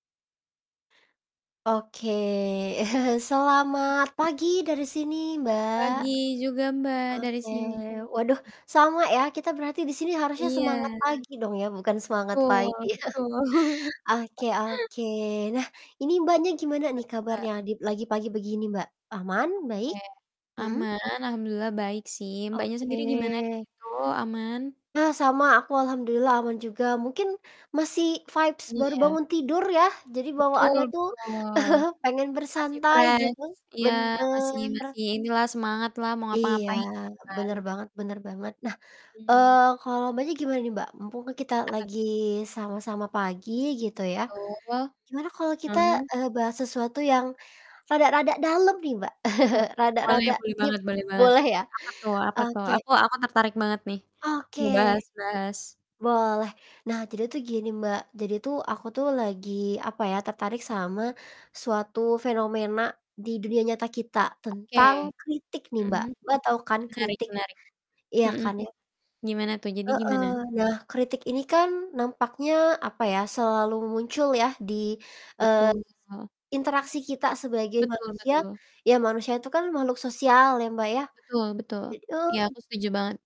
Oke, selamat pagi dari sini Mbak. Pagi juga Mbak, dari Oke. sini. Waduh, sama ya kita berarti di sini harusnya Iya. semangat pagi dong ya, bukan semangat Betul pagi. betul. Oke oke. Nah, ini Mbaknya gimana Apa nih tuh Mbak? kabarnya adi lagi pagi begini Mbak? Aman, baik, Oke. mhm. Aman, alhamdulillah baik sih, Mbaknya sendiri gimana di Oke. situ, aman? Nah sama, aku alhamdulillah aman juga. Mungkin, masih vibes baru Iya. bangun tidur ya, jadi Betul bawaannya tuh, betul. pengen Masih bersantai fresh, gitu, iya, masih benar. masih inilah semangat lah, mau Iya, ngapa-ngapain, gitu kan. benar banget benar banget. Nah, Mhm. eee, kalau Mbaknya gimana nih Mbak? Mumpung kan kita Apa tu lagi sama-sama pagi, gitu ya, Betul. gimana kalau kita, Mhm. eee, bahas sesuatu yang rada-rada dalem nih Mbak. Oke, boleh Rada-rada boleh deep, banget boleh banget. boleh ya? Apa tuh apa tuh? Oke. Aku aku tertarik banget nih, Oke. mau bahas bahas Boleh. Nah, jadi tuh gini Mbak, jadi tuh aku tuh lagi, apa ya, tertarik sama suatu fenomena di dunia nyata kita, Oke. tentang kritik nih Mbak, Mhm, Mbak tahu kan menarik kritik? menarik. Iya Mhm, kan ya? gimana tuh, jadi Heeh, gimana? nah kritik ini kan nampaknya apa ya, selalu muncul yah di, eee, Betul betul. se interaksi kita sebagai Betul manusia, betul. ya manusia itu kan makhluk sosial ya, Mbak, ya? Betul betul. Jadi Iya, eee aku setuju banget.